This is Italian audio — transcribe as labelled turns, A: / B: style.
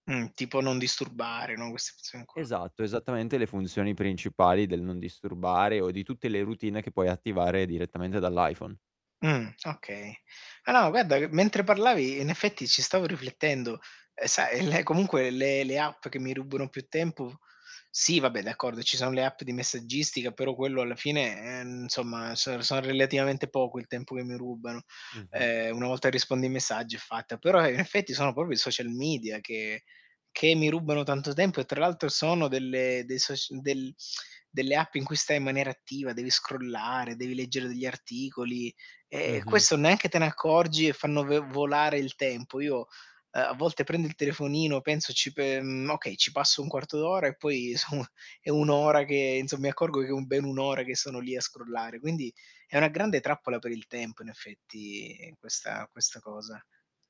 A: Mh, tipo non disturbare, no, queste persone qua.
B: Esatto, esattamente le funzioni principali del non disturbare, o di tutte le routine che puoi attivare direttamente dall'iPhone.
A: Mh, okay. Ah no, ma guarda che, mentre parlavi, i in effetti ci stavo riflettendo. E sai, le comunque le le app che mi rubano più tempo sì, va beh, d'accordo, ci sono le app di messaggistica, però quello alla fine, ehm, insomma, so sono relativamente poco il tempo che mi rubano.
B: Mh-mh.
A: Eh, una volta rispondi ai messaggi è fatta. Però, in effetti, sono proprio i social media che che mi rubano tanto tempo e tra l'altro sono delle dei soc del delle app in cui stai in maniera attiva, devi scrollare, devi leggere degli articoli, e
B: Mh-mh.
A: questo neanche te ne accorgi e fanno v volare il tempo. Io, eh, a volte prendo il telefonino penso ci pe mhmm, okay, ci passo un quarto d'ora, e poi so è 1 ora che, insomma, mi accorgo che è un bene 1 ora che sono lì a scrollare. Quindi è una grande trappola per il tempo, in effetti, questa questa cosa.